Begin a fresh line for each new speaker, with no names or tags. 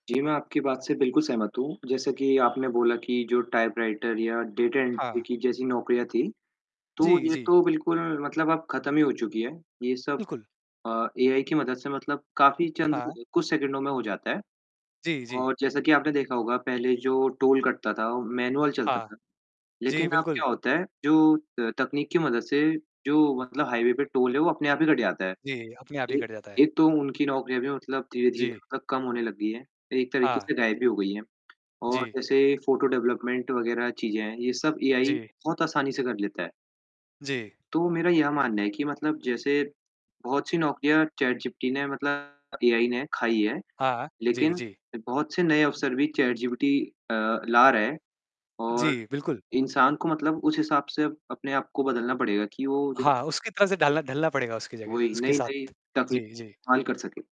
जी, मैं आपकी बात से बिल्कुल सहमत हूँ। जैसे कि आपने बोला कि जो टाइपराइटर या डाटा एंट्री
हाँ।
की जैसी नौकरियाँ थी तो
जी,
ये
जी।
तो बिल्कुल मतलब अब ख़त्म ही हो चुकी है। ये सब
बिल्कुल।
अ, एआई की मदद से मतलब काफ़ी चंद
हाँ।
कुछ सेकंडों में हो जाता है।
जी, जी।
और जैसा कि आपने देखा होगा, पहले जो टोल कटता था, मैनुअल चलता
हाँ।
था।
जी,
लेकिन अब
बिल्कुल।
क्या होता है? जो त तकनीक की मदद से जो मतलब हाइवे पे टोल जो है वो अपने आप ही कट जाता है।
जी, अपने आप ही
एक
कट जाता है।
एक तो उनकी नौकरियाँ भी मतलब धीरे-धीरे
जी।
मतलब कम होने लग गई है। एक तरीके
हाँ।
से गायब ही हो गई है और
जी।
जैसे फ़ोटो डेवलपमेंट वग़ैरह चीज़ें हैं, यह सब एआई
जी।
बहुत आसानी से कर लेता है।
जी।
तो मेरा यह मानना है कि मतलब जैसे बहुत सी नौकरियाँ चैटजीपीटी ने मतलब एआई ने खाई है,
हाँ। जी,
लेकिन
जी।
बहुत से नए अवसर भी चैटजीपीटी अ, ला रहा है और
जी, बिल्कुल।
इंसान को मतलब उस हिसाब से अपने आप को बदलना पड़ेगा कि वो देखो
हाँ, उसकी तरह से डालना ढलना पड़ेगा उसकी जगह
वही
उसके
नई-नई
साथ।
तकनीक
जी, जी।
इस्तेमाल कर सके।